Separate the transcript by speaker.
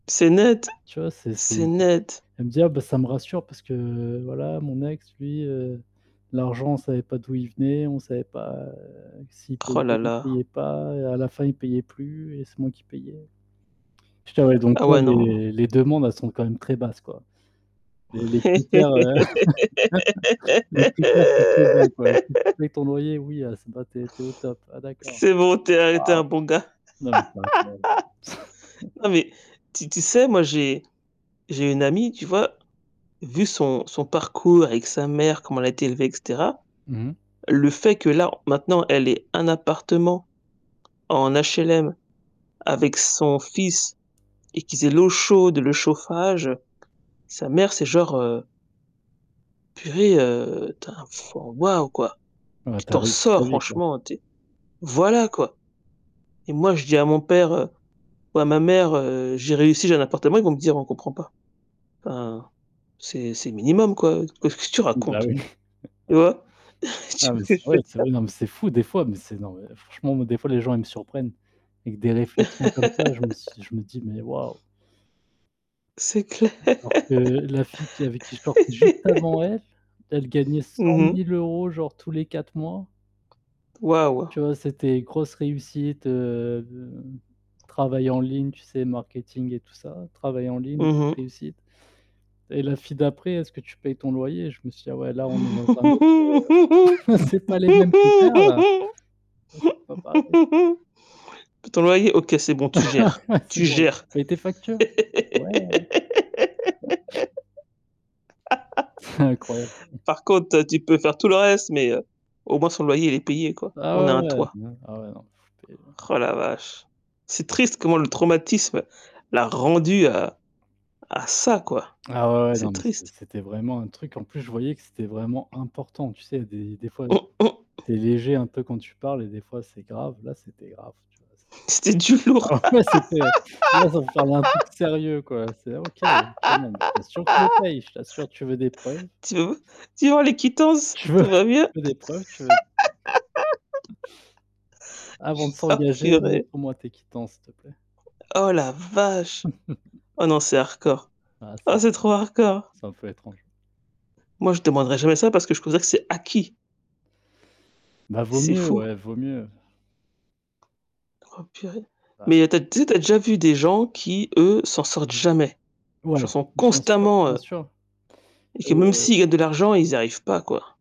Speaker 1: C'est net.
Speaker 2: Tu vois, c'est c'est d
Speaker 1: C'est net!
Speaker 2: elle me dit: «Ah bah ça me rassure parce que voilà mon ex lui, heu, l'argent on savait pas d'où il venait, on savait pas s'il payait,
Speaker 1: Roh là
Speaker 2: s'il
Speaker 1: là.
Speaker 2: payait pas et à la fin il payait plus et c'est moi qui payais». J'étais là, donc
Speaker 1: Ah
Speaker 2: là
Speaker 1: ouais non.
Speaker 2: les les demandes elles sont quand même très basses quoi. Les les critères les critères sont trop bas quoi. Si tu payes ton loyer oui, ah c'est b bah tu es tu es au top. Ah d'accord.
Speaker 1: C'est bon, tu es un tu es un bon gars.
Speaker 2: Wouah! Non, mais c'est incroyable!
Speaker 1: Non mais, tu tu sais, moi j'ai j'ai une amie, tu vois, vu son son parcours avec sa mère, comment elle a été élevée, et cetera,
Speaker 2: Mmh mh.
Speaker 1: le fait que là maintenant elle ait un appartement en HLM avec son fils et qu'ils aient l'eau chaude, le chauffage, sa mère c'est genre, heu «purée, tu enfin wouah, quoi.
Speaker 2: Ouais
Speaker 1: Tu
Speaker 2: tu as
Speaker 1: t'en
Speaker 2: réussi ta
Speaker 1: sors
Speaker 2: vie quoi.
Speaker 1: franchement, tu es» voilà quoi. Et moi je dis à mon père ou à ma mère, heu: «J'ai réussi, j'ai un appartement», ils vont me dire: «On comprend pas. Enfin, c'est c'est le minimum quoi. Qu'est-ce que tu
Speaker 2: Bah
Speaker 1: racontes?»
Speaker 2: oui.
Speaker 1: tu vois? Tu
Speaker 2: Ah
Speaker 1: vois
Speaker 2: mais
Speaker 1: ce que
Speaker 2: c'est
Speaker 1: je
Speaker 2: vrai,
Speaker 1: veux
Speaker 2: c'est
Speaker 1: dire?
Speaker 2: vrai. Non, mais c'est fou des fois, mais c'est non mais franchement moi des fois les gens ils me surprennent, avec des réflexions comme ça, je me suis je me dis: «Mais waouh!»
Speaker 1: C'est clair.
Speaker 2: Alors que la fille qui avec qui je sortais juste avant elle, elle gagnait cent
Speaker 1: Mmh mh.
Speaker 2: mille euros genre tous les 4 mois.
Speaker 1: Wouah!
Speaker 2: Tu vois, c'était grosse réussite, heu, travail en ligne, tu sais, marketing et tout ça. Travail en ligne plus
Speaker 1: Mmh mh.
Speaker 2: réussite. Et la fille d'après: «Est-ce que tu payes ton loyer?» je me suis dit: «Ah ouais là
Speaker 1: «Tu
Speaker 2: on est dans un autre c'est pas les mêmes critères là.
Speaker 1: payes
Speaker 2: Ah c'est pas pareil».
Speaker 1: ton loyer? OK, c'est bon, tu gères,
Speaker 2: C'est
Speaker 1: tu
Speaker 2: bon, tu
Speaker 1: gères».
Speaker 2: payes tes factures? Ouais, ouais, ouais. Incroyable, quoi ouais,
Speaker 1: Par contre, toi tu peux faire tout le reste, mais au moins son loyer, il est payé quoi. On
Speaker 2: Ah
Speaker 1: a
Speaker 2: ouais,
Speaker 1: un
Speaker 2: ouais,
Speaker 1: toit.
Speaker 2: non, ah ouais, non. C'était, heu
Speaker 1: Roh la vache. C'est triste comment le traumatisme l'a rendue à à ça quoi.
Speaker 2: Ah ouais, ouais, non
Speaker 1: C'est
Speaker 2: mais c'et
Speaker 1: triste.
Speaker 2: c'était vraiment un truc en plus je voyais que c'était vraiment important tu sais des des fois
Speaker 1: Mmh, mmh.
Speaker 2: tu es léger un peu quand tu parles et des fois c'est grave, là c'était grave tu vois?
Speaker 1: C'était du lourd.
Speaker 2: Alors ouais c'était: «Moi ça veut parler d'un truc sérieux quoi», c'est: «OK OK non mais je t'assure que je le paye, je t'assure, tu veux des preuves?»
Speaker 1: Tu v tu vas voir les quittances,
Speaker 2: Tu veux
Speaker 1: tout va
Speaker 2: tu
Speaker 1: mieux.
Speaker 2: veux des preuves? Tu veux «Avant de
Speaker 1: Oh
Speaker 2: s'engager,
Speaker 1: purée!
Speaker 2: montre-moi tes quittances s'il te plaît».
Speaker 1: Oh la vache! Oh non c'est hardcore.
Speaker 2: Ah c'est
Speaker 1: Oh c'est trop hardcore.
Speaker 2: c'est un peu étrange.
Speaker 1: Moi je demanderai jamais ça parce que je considère que c'est acquis.
Speaker 2: Bah vaut
Speaker 1: C'est
Speaker 2: mieux,
Speaker 1: fou!
Speaker 2: ouais, vaut mieux.
Speaker 1: Oh purée.
Speaker 2: Bah
Speaker 1: Mais tu as tu sais tu as déjà vu des gens qui eux, s'en sortent jamais?
Speaker 2: Ouais!
Speaker 1: Genre sont
Speaker 2: Bien sûr,
Speaker 1: constamment,
Speaker 2: bien
Speaker 1: heu
Speaker 2: sûr.
Speaker 1: et que même
Speaker 2: Heu
Speaker 1: s'ils gagnent de l'argent, ils y arrivent pas quoi.